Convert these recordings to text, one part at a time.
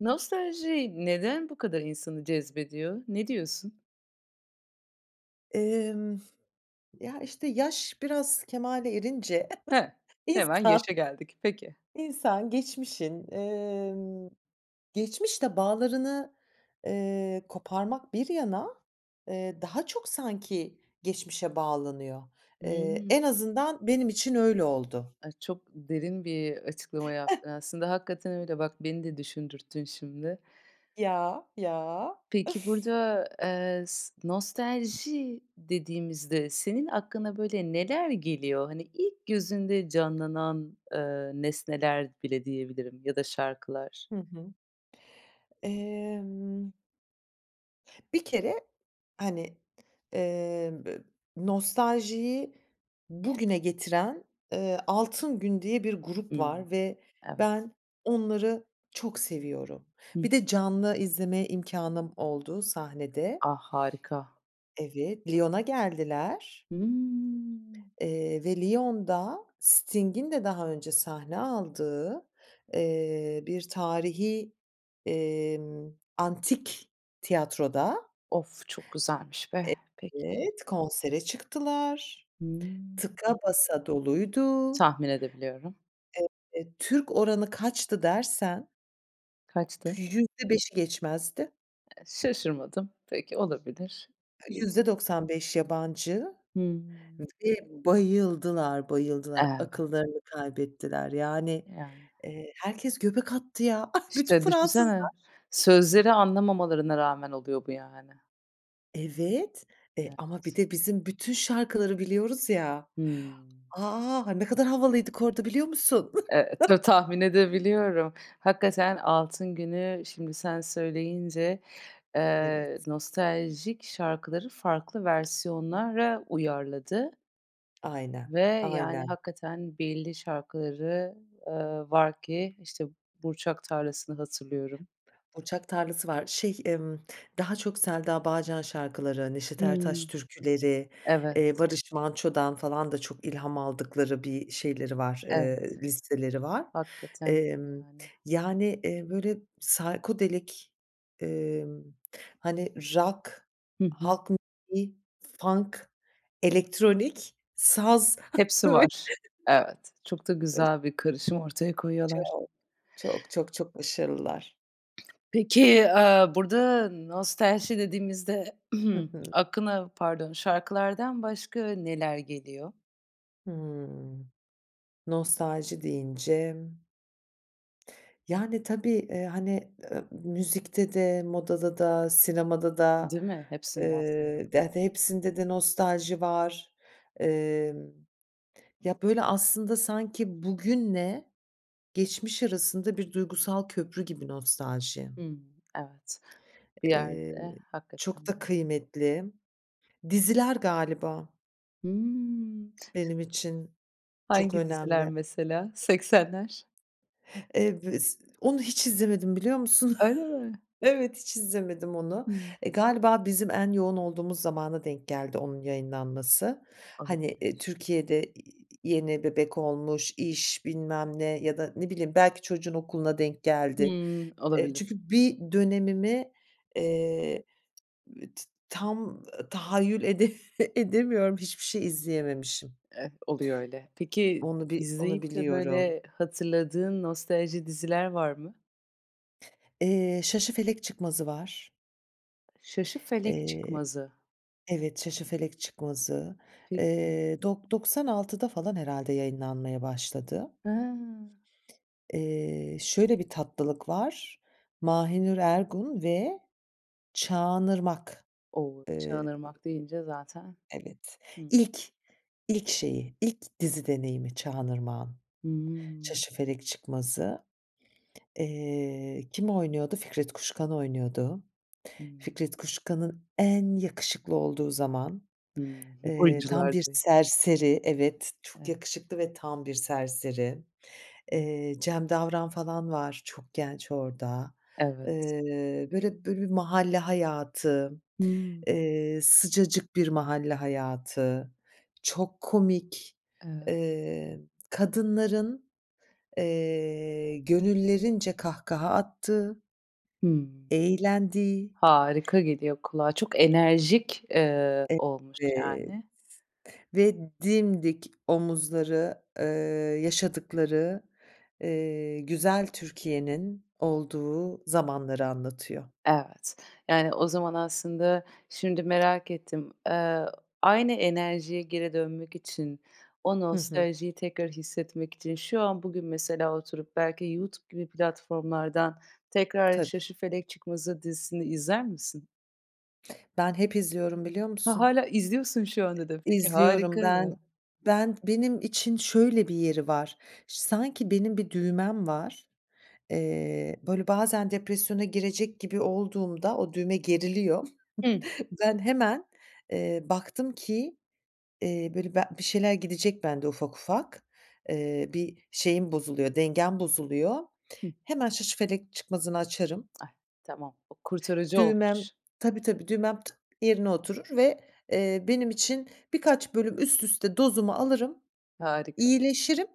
Nostalji neden bu kadar insanı cezbediyor? Ne diyorsun? Imm. Ya, işte, yaş biraz kemale erince He, hemen insan yaşa geldik. Peki. İnsan geçmişin, eee, geçmişle bağlarını, eee, koparmak bir yana, eee, daha çok sanki geçmişe bağlanıyor. Eee, Hıı. en azından benim için öyle oldu. A, çok derin bir açıklama yaptın. Aslında hakikaten öyle bak, beni de düşündürttün şimdi. Ya, ya. Peki, burada, eee, s nostalji dediğimizde senin aklına, böyle, neler geliyor? Hani, ilk gözünde canlanan, ııı, nesneler bile diyebilirim ya da şarkılar. Hı hı. Emm bir kere, hani, emm, ı nostaljiyi bugüne getiren, ııı, Altın Gün diye bir grup Hımm. var ve Evet. ben onları çok seviyorum. Hı hı. Bir de canlı izleme imkânım oldu sahnede. Ah, harika. Evet, Lyon'a geldiler. Hıı. Eee, ve Lyon'da Sting'in de daha önce sahne aldığı, eee, bir tarihî, emm, antik tiyatroda. Off, çok güzelmiş be! Peki. Evet, konsere çıktılar, Hımm. tıka basa doluydu. Tahmin edebiliyorum. Evet, Türk oranı kaçtı dersen Kaçtı? %5'i geçmezdi. E şaşırmadım. Peki, olabilir. %95 yabancı Hıı. ve bayıldılar, bayıldılar! Evet. Akıllarını kaybettiler. Yani, Yani. eee, herkes göbek attı ya, ah, bütün İşte, düşünsene, Fransızlar ş sözleri anlamamalarına rağmen oluyor bu yani. Evet, e, ama bir Evet. de bizim bütün şarkıları biliyoruz ya. Hıı. A! Ne kadar havalıydık orada biliyor musun? Eee, ta tahmin edebiliyorum. Hakikaten Altın Gün'ü şimdi sen söyleyince, eee, Evet. nostaljik şarkıları farklı versiyonlara uyarladı. Aynen, Ve, yani, aynen. hakikaten belli şarkıları, ııı, var ki, işte, Burçak Tarlası'nı hatırlıyorum. Burçak Tarlası var, şey, ımm, daha çok Selda Bağcan şarkıları, Neşet Ertaş Hıı. Türküleri, Evet. eee, Barış Manço'dan falan da çok ilham aldıkları bir şeyleri var, Evet. eee, listeleri var. Hakikaten iyi Emm, yani. yani, eee, böyle, psychodelic, eee, hani, rock, Hı hı. halk müziği, funk, elektronik, saz. Hepsi var. Evet. Çok da [unintelligible] güzel bir karışım ortaya koyuyorlar. Çok! Çok, çok, çok başarılılar. Peki, aaa, burada nostalji dediğimizde Hı hı. aklına Pardon. Şarkılardan başka neler geliyor? Hıı. Nostalji deyince Yani, tabii, eee, hani, ııı, müzikte de, modada da, sinemada da, Değil mi? ııı, Hepsinde aslında. de de hepsinde de nostalji var. Emm, ya, böyle, aslında sanki bugünle geçmiş arasında bir duygusal köprü gibi nostalji. Hımm. Evet. Bir Eee, yerde hakikaten çok da de kıymetli. Diziler galiba Hımm. benim için çok Hangi diziler önemli. mesela? Seksenler? Eee, bu iz Onu hiç izlemedim, biliyor musun? Öyle mi? Evet, hiç izlemedim onu. Hımm. Eee, galiba bizim en yoğun olduğumuz zamana denk geldi onun yayınlanması. Hani, iii, Olabilir. Türkiye'de i i yeni bebek olmuş, iş, bilmem ne ya da ne bileyim, belki çocuğun okuluna denk geldi. Hımm, Eee, olabilir. çünkü bir dönemimi, eee, t tam tahayyül ede edemiyorum, hiçbir şey izleyememişim. Eh. Oluyor öyle. Peki, Onu bi onu izleyip de, biliyorum. böyle, hatırladığın nostalji diziler var mı? Eee, Şaşıfelek Çıkmazı var. Şaşıfelek Eee Çıkmazı. Evet, Şaşıfelek Çıkmazı. Peki. Eee, dok doksan altıda falan herhâlde yayınlanmaya başladı. Ha. Eee, şöyle bir tatlılık var. Mahinur Ergun ve Çağan Irmak. O! "Çağan Eee Irmak" deyince zaten Evet. Hı. İlk ilk şeyi ilk dizi deneyimi Çağan Irmak'ın. Hımm. Şaşıfelek Çıkmazı. Eee, kim oynuyordu? Fikret Kuşkan oynuyordu. Hımm. Fikret Kuşkan'ın en yakışıklı olduğu zaman. Hımm. Eee, tam Oyuncular bir da iyi. serseri Evet, çok Eve yakışıklı ve tam bir serseri. Hı. Eee, Cem Davran falan var, çok genç orada. Evet. Eee, böyle böyle, bir mahalle hayatı, Hıı. eee, sıcacık bir mahalle hayatı, çok komik. Evet. Eee, kadınların, eee, gönüllerince kahkaha attığı Hımm. eğlendiği Harika geliyor kulağa. Çok enerjik, eee, olmuş, Evet yani. ve dimdik omuzları, eee, yaşadıkları, eee, güzel Türkiye'nin olduğu zamanları anlatıyor. Evet. Yani, o zaman aslında şimdi merak ettim. Eee, aynı enerjiye geri dönmek için, o Hı hı. nostaljiyi tekrar hissetmek için şu an, bugün mesela oturup belki Youtube gibi platformlardan tekrar Tabii. Şaşıfelek Çıkmazı dizisini izler misin? Ben hep izliyorum biliyor Ha, musun? hâlâ izliyorsun şu anda da. Peki, İzliyorum harika ben ya. ben benim için şöyle bir yeri var. Ş sanki benim bir düğmem var, eee, böyle, bazen depresyona girecek gibi olduğumda o düğme geriliyor. Hımm. Ben hemen, eee, baktım ki, eee, böyle, be bir şeyler gidecek bende ufak ufak, eee, bir şeyim bozuluyor, dengem bozuluyor. Hıı. Hemen Şaşıfelek Çıkmazı'nı açarım. Ay, tamam. O kurtarıcı Düğmem olmuş. Tabii, tabii düğmem yerine oturur ve, eee, benim için birkaç bölüm üst üste dozumu alırım, Harika. iyileşirim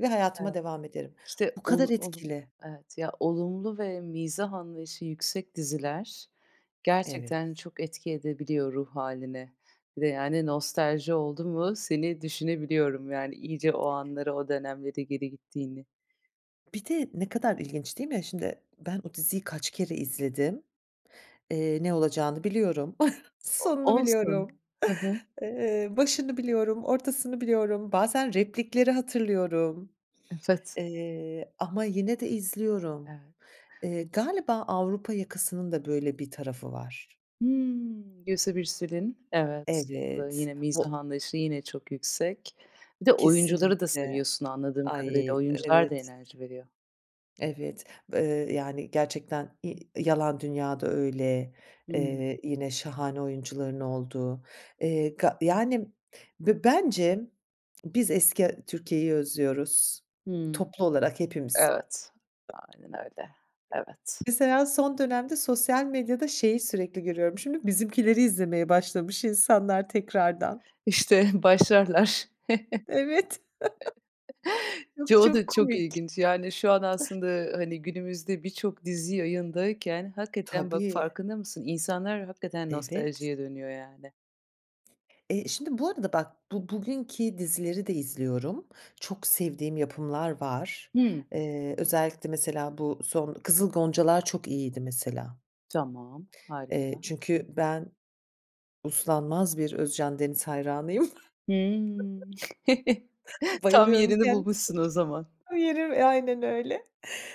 ve hayatıma Evet. devam ederim. İşte, Bu kadar olu olum etkili. Evet. Ya olumlu ve mizah anlayışı yüksek diziler gerçekten Evet. çok etki edebiliyor ruh hâline. Bir de, yani, nostalji oldu mu seni düşünebiliyorum, yani, iyice o anları o dönemlere geri gittiğini. Bir de ne kadar ilginç değil mi şimdi? Ben o diziyi kaç kere izledim? Eee, ne olacağını biliyorum. O Sonunu olsun. biliyorum. Hı hı. Iıı, başını biliyorum. Ortasını biliyorum. Bazen replikleri hatırlıyorum. Evet. Iıı, ama yine de izliyorum. Evet. Iıı, galiba Avrupa Yakası'nın da böyle bir tarafı var. Hımm. Gülse Birsel'in, evet. Bu da Evet, yine mizah vo anlayışı, yine çok yüksek. Bir de oyuncuları da Kesinlikle, seviyorsun anladığım ay, kadarıyla. e Oyuncular da evet. enerji veriyor. Evet. Iıı, yani, gerçekten i Yalan Dünya da öyle, Hımm. eee, yine şahane oyuncuların olduğu, eee, ga yani ve bence biz eski a Türkiye'yi özlüyoruz, Hımm. toplu olarak hepimiz. Evet. Aynen öyle. Evet. Mesela son dönemde sosyal medyada şeyi sürekli görüyorum şimdi, Bizimkiler'i izlemeye başlamış insanlar tekrardan. İşte, başlarlar. Evet. Çok çok [unintelligible] çok komik. ilginç. Yani, şu an [unintelligible] aslında, ııı, hani, günümüzde birçok dizi yayındayken hakikaten bak Tabii. farkında mısın? İnsanlar hakikaten Evet. nostaljiye dönüyor, yani. Eee, şimdi bu arada bak, bu bugünki dizileri de izliyorum. Çok sevdiğim yapımlar var. Hıı. Eee, özellikle mesela bu son Kızıl Goncalar çok iyiydi mesela. Tamam, Eee, harika. çünkü ben uslanmaz bir Özcan Deniz hayranıyım. Hııı. Tam Bayılıyorum yerini kendisine. bulmuşsun o zaman. O yeri aynen öyle.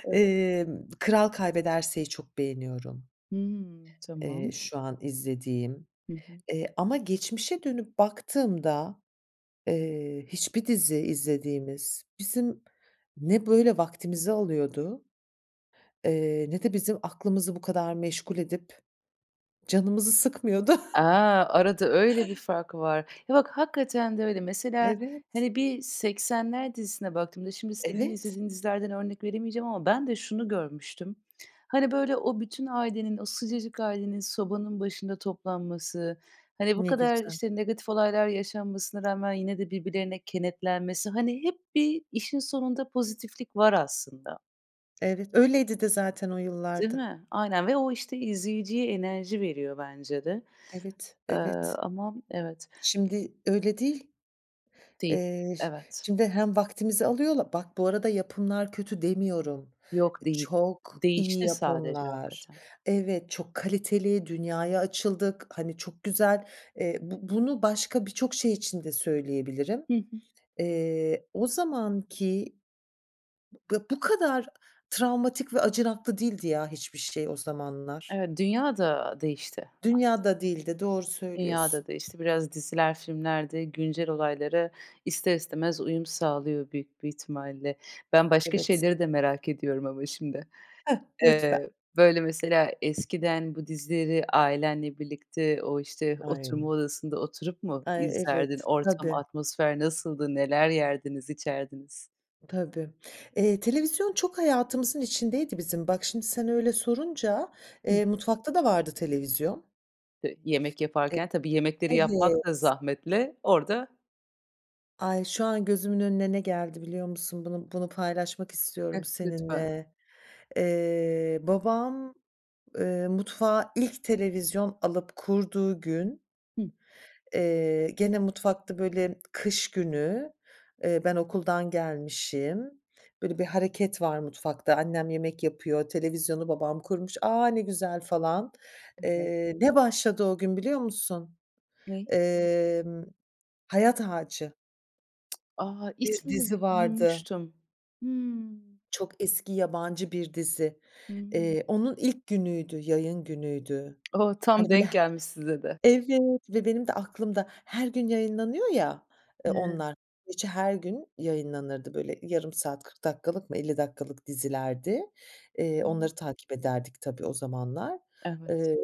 Evet. Eee, Kral Kaybederse'yi çok beğeniyorum. Hımm. Eee, Tamam. şu an izlediğim, Hı hı. eee, ama geçmişe dönüp baktığımda, eee, hiçbir dizi izlediğimiz bizim ne böyle vaktimizi alıyordu, eee, ne de bizim aklımızı bu kadar meşgul edip canımızı sıkmıyordu. A! Arada öyle bir fark var. Ya bak, hakikaten de öyle. Mesela, Evet. hani, bir Seksenler dizisine baktığımda şimdi senin Evet. izlediğin dizilerden örnek veremeyeceğim ama ben de şunu görmüştüm. Hani, böyle, o bütün ailenin, o sıcacık ailenin sobanın başında toplanması, hani, bu Ne kadar, güzel. işte, negatif olaylar yaşanmasına rağmen yine de birbirlerine kenetlenmesi, hani, hep bir işin sonunda pozitiflik var aslında. Evet, öyleydi de zaten o Değil yıllarda. mi? Aynen ve o, işte, izleyiciye enerji veriyor bence de. Evet, Eee, evet. ama evet. Şimdi öyle değil. Değil, Eee, şi evet. şimdi hem vaktimizi alıyorlar Bak, bu arada yapımlar kötü demiyorum, Yok, değil. çok iyi Değişti sadece yapımlar, hakikaten. evet, çok kaliteli, dünyaya açıldık, hani, çok güzel, eee, bu bunu başka birçok şey için de söyleyebilirim. Hı hı. Eee, o zamanki, b bu kadar travmatik ve acınaklı değildi ya hiçbir şey o zamanlar. Evet. Dünya da değişti Dünya as da değildi, doğru Dünya söylüyorsun. da değişti. Biraz diziler, filmler de güncel olaylara ister istemez uyum sağlıyor büyük bir ihtimalle. Ben başka Evet. şeyleri de merak ediyorum ama şimdi. Heh, lütfen. Eee, böyle, mesela eskiden bu dizileri ailenle birlikte o, işte, oturma Aynen. odasında oturup mu Ay, izlerdin? evet, Ortam, tabii. atmosfer nasıldı? Neler yerdiniz, içerdiniz? Tabii, eee, televizyon çok hayatımızın içindeydi bizim. Bak, şimdi sen öyle sorunca, Hıh. eee, mutfakta da vardı televizyon. Pe yemek E yaparken tabii yemekleri Evet. yapmak da zahmetli orada. Ay! Şu an gözümün önüne ne geldi biliyor musun? Bunu bunu paylaşmak Heh, istiyorum lütfen. seninle. Eee, babam, ııı, mutfağa ilk televizyon alıp kurduğu gün Hıh. eee, gene mutfakta, böyle, kış günü, eee, ben okuldan gelmişim, böyle, bir hareket var mutfakta annem yemek yapıyor, televizyonu babam kurmuş. "A! Ne güzel." falan. Evet. Eee, ne başladı o gün biliyor musun? Ne? Emm, Hayat Ağacı. A! Bir İsmini dizi vardı. duymuştum. Hımm. Çok eski yabancı bir dizi. Hıı. Eee, onun ilk günüydü, yayın günüydü. O! Tam Hani, böyle, he denk gelmiş size de. Evet, ve benim de aklımda. Her gün yayınlanıyor ya, ııı, [unintelligible] onlar, gerçi her gün yayınlanırdı, böyle, yarım saat, 40 dakikalık mı, 50 dakikalık dizilerdi. Eee, Hıı. onları takip ederdik tabii o zamanlar. Evet. Eee,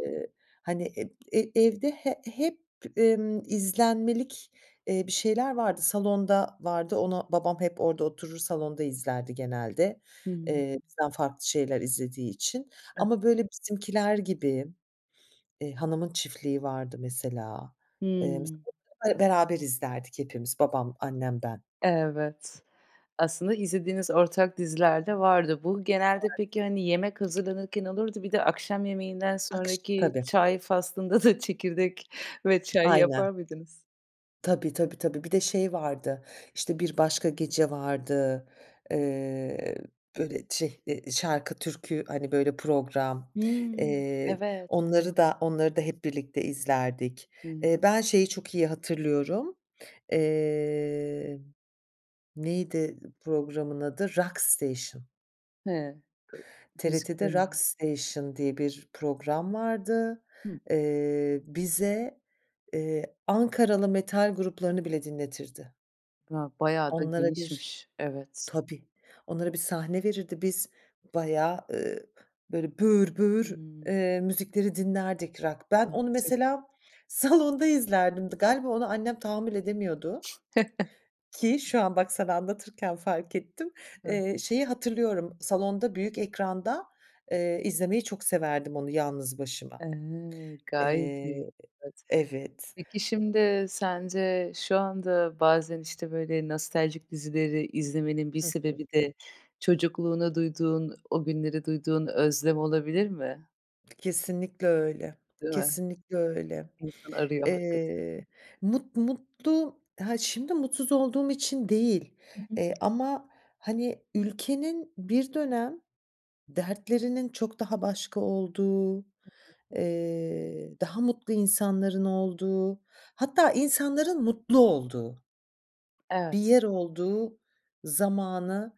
hani, eb e evde he hep, ımm, izlenmelik, eee, bir şeyler vardı. Salonda vardı, ona babam hep orada oturur salonda izlerdi genelde, Hıı. eee, bizden farklı şeyler izlediği için [unintelligible] ama, böyle, Bizimkiler gibi, eee, Hanımın Çiftliği vardı mesela, eee, Hımm. [unintelligible] beraber izlerdik hepimiz. Babam, annem, ben. Evet. Aslında izlediğiniz ortak diziler de vardı. Bu genelde [unintelligible] peki, hani, yemek hazırlanırken olurdu, bir de akşam yemeğinden Akş sonraki Tabii. çay faslında da çekirdek ve çay Aynen. yapar mıydınız? Tabii, tabii, tabii, bir de şey vardı, işte, Bir Başka Gece vardı, eee, böyle, şey, ı şarkı, türkü, hani, böyle, program, Hımm. eee, Evet. onları [unintelligible] da onları da hep birlikte izlerdik. Hıı. Eee, ben şeyi çok iyi hatırlıyorum. Eee, neydi programın adı? Rock Station. Hıı. I TRT'de Rock müziklerin [unintelligible] Station diye bir program vardı. Hımm. Eee, bize, eee, Ankaralı metal gruplarını bile dinletirdi. Ya, bayağı da Onlara bir genişmiş. Evet. Tabii, onlara bir sahne verirdi biz bayağı, ııı, böyle, böğür böğür, Hımm. eee, müzikleri dinlerdik rock. Ben onu [unintelligible] mesela salonda izlerdim, dı galiba ona annem tahammül edemiyordu. Ki şu an bak, sana anlatırken fark ettim, eee, şeyi hatırlıyorum salonda büyük ekranda, eee, izlemeyi çok severdim onu yalnız başıma. E! Gayet iyi. Eee, Evet. evet. Peki, şimdi sence şu anda bazen, işte, böyle, nostaljik dizileri izlemenin bir Hı sebebi hı. de çocukluğuna duyduğun, o günlere duyduğun özlem olabilir mi? Kesinlikle öyle, Değil mi? kesinlikle öyle. İnsan arıyor hakikaten. Eee, mut mutlu, ha, şimdi mutsuz olduğum için değil, Hı hı. eee, ama, hani, ülkenin bir dönem dertlerinin çok daha başka olduğu, Hı hı. eee, daha mutlu insanların olduğu hatta insanların mutlu olduğu bir Evet. yer olduğu zamanı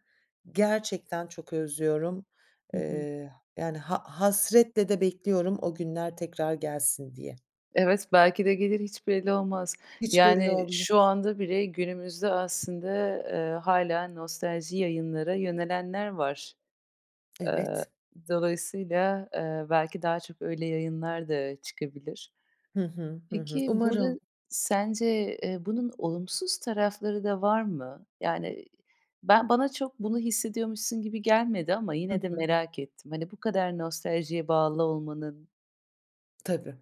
gerçekten çok özlüyorum. Hı hı. Eee, yani, ha hasretle de bekliyorum o günler tekrar gelsin diye. Evet, belki de gelir hiç belli olmaz. Hiç belli Yani, şu olmaz. anda bile günümüzde aslında, eee, hâlâ nostalji yayınlara yönelenler var. Aaa, Evet. dolayısıyla, eee, belki daha çok öyle yayınlar da çıkabilir. Hı hı. Hı hı. Peki, Umarım. burada sence, eee, bunun olumsuz tarafları da var mı? Yani, ben bana çok bunu hissediyormuşsun gibi gelmedi ama Hı yine de hı. merak ettim. Hani, bu kadar nostaljiye bağlı olmanın Tabii.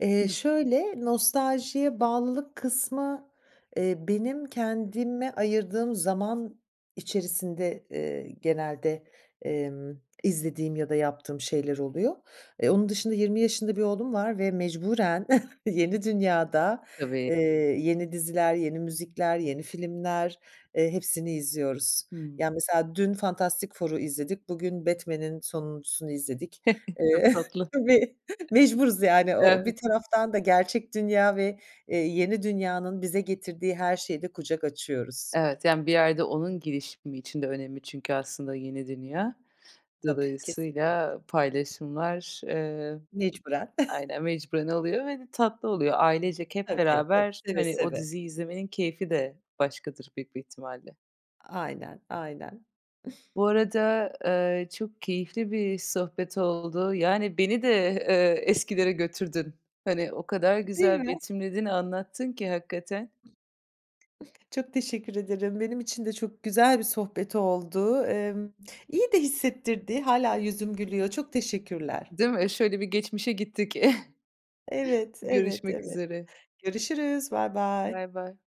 Eee, Hıh. şöyle, nostaljiye bağlılık kısmı, eee, benim kendime ayırdığım zaman içerisinde, eee, genelde, emm, izlediğim ya da yaptığım şeyler oluyor. Eee, onun dışında 20 yaşında bir oğlum var ve mecburen yeni dünyada, Tabii. eee, yeni diziler, yeni müzikler, yeni filmler, eee, hepsini izliyoruz. Hıı. Ya, mesela dün Fantastic Four'u izledik, bugün Batman'in sonuncusunu izledik. Çok Eee, tatlı. tabii. Mecburuz yani o o bir Evet. taraftan da gerçek dünya ve, eee, yeni dünyanın bize getirdiği her şeye de kucak açıyoruz. Evet, yani, bir yerde onun gelişimi için de önemli çünkü aslında yeni dünya. Tabii, Dolayısıyla kesinlikle. paylaşımlar, eee Mecburen. Aynen, mecburen oluyor ve de tatlı oluyor. Ailecek hep Tabii, tab beraber, Seve hani, o seve. diziyi izlemenin keyfi de başkadır büyük bir ihtimalle. Aynen, aynen. Bu arada, eee, çok keyifli bir sohbet oldu. Yani, beni de, eee, eskilere götürdün. Hani, o kadar Değil güzel mi? betimledin, anlattın ki hakikaten. Çok teşekkür ederim, benim için de çok güzel bir sohbet oldu. Emm, iyi de hissettirdi, hâlâ yüzüm gülüyor. Çok teşekkürler. Değil mi? Şöyle bir geçmişe gittik. Evet, evet, Görüşmek evet, üzere. görüşürüz. Baybay. Baybay.